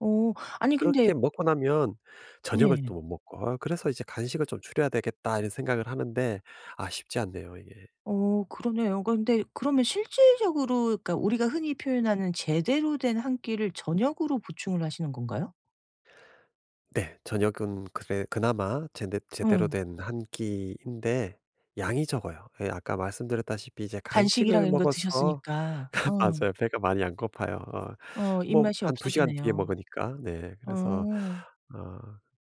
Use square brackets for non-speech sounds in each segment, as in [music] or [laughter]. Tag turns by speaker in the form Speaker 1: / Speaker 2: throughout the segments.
Speaker 1: 어 아니 근데
Speaker 2: 그렇게 먹고 나면 저녁을 또
Speaker 1: 네.
Speaker 2: 못 먹고 어 그래서 이제 '간식을 좀 줄여야 되겠다.' 이런 생각을 하는데 아 쉽지 않네요 이게.
Speaker 1: 어. 그러네요. 근데 그러면 실질적으로 그러니까 우리가 흔히 표현하는 제대로 된 1 끼를 저녁으로 보충을 하시는 건가요?
Speaker 2: 네. 저녁은 그래 그나마 제대 제대로
Speaker 1: 응.
Speaker 2: 된 1 끼인데 양이 적어요. 예 아까 말씀드렸다시피 이제
Speaker 1: 간식이랑
Speaker 2: 간식을
Speaker 1: 이런 거
Speaker 2: 먹어서
Speaker 1: 드셨으니까.
Speaker 2: [laughs]
Speaker 1: 응
Speaker 2: 맞아요 배가 많이 안 고파요 어
Speaker 1: 어
Speaker 2: 뭐
Speaker 1: 입맛이
Speaker 2: 한 2 시간 뒤에
Speaker 1: 없어지네요.
Speaker 2: 먹으니까. 네 그래서
Speaker 1: 어.
Speaker 2: 어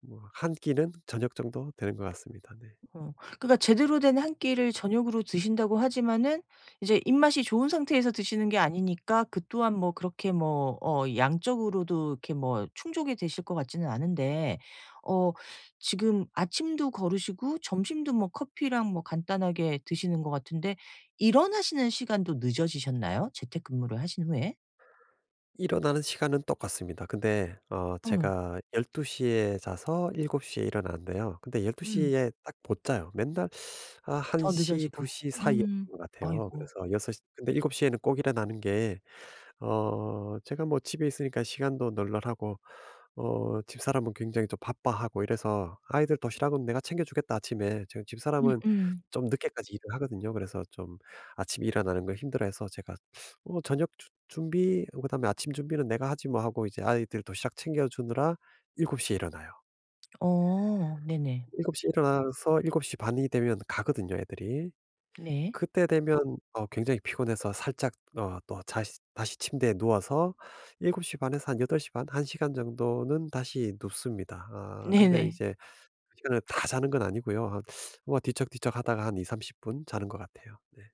Speaker 2: 뭐 1 끼는 저녁 정도 되는 것 같습니다. 네.
Speaker 1: 어. 그러니까 제대로 된 1 끼를 저녁으로 드신다고 하지만은 이제 입맛이 좋은 상태에서 드시는 게 아니니까 그 또한 뭐 그렇게 뭐 어 양적으로도 이렇게 뭐 충족이 되실 것 같지는 않은데 어 지금 아침도 거르시고 점심도 뭐 커피랑 뭐 간단하게 드시는 것 같은데 일어나시는 시간도 늦어지셨나요 재택근무를 하신 후에?
Speaker 2: 일어나는 시간은 똑같습니다. 근데 어
Speaker 1: 응.
Speaker 2: 제가 12:00 에 자서 7:00 에 일어나는데요. 근데 12:00
Speaker 1: 음.
Speaker 2: 에 딱 못 자요. 맨날 어 한
Speaker 1: 더
Speaker 2: 시 두
Speaker 1: 늦어지고.
Speaker 2: 시 사이였던
Speaker 1: 음.
Speaker 2: 것 같아요.
Speaker 1: 아이고.
Speaker 2: 그래서 6:00 근데 7:00 에는 꼭 일어나는 게 어 제가 뭐 집에 있으니깐 시간도 널널하고 어 집사람은 굉장히 좀 바빠하고 이래서 "아이들 도시락은 내가 챙겨주겠다 아침에." 제가 집사람은
Speaker 1: 음음.
Speaker 2: 좀 늦게까지 일을 하거든요. 그래서 좀 아침에 일어나는 걸 힘들어해서 제가 "어 저녁 준 준비 그다음에 아침 준비는 내가 하지 뭐." 하고 이제 아이들 도시락 챙겨주느라 7:00 에 일어나요.
Speaker 1: 어. 네네.
Speaker 2: 7:00 에 일어나서 7:30 이 되면 가거든요 애들이.
Speaker 1: 네.
Speaker 2: 그때 되면 어 굉장히 피곤해서 살짝 어 또 자시 다시 침대에 누워서 7:30 에서 한 8:30 1 시간 정도는 다시 눕습니다. 아 근데
Speaker 1: 네네.
Speaker 2: 이제 그 시간을 다 자는 건 아니고요 한 뭐 뒤척뒤척 하다가 한 2-30 분 자는 것 같아요. 네.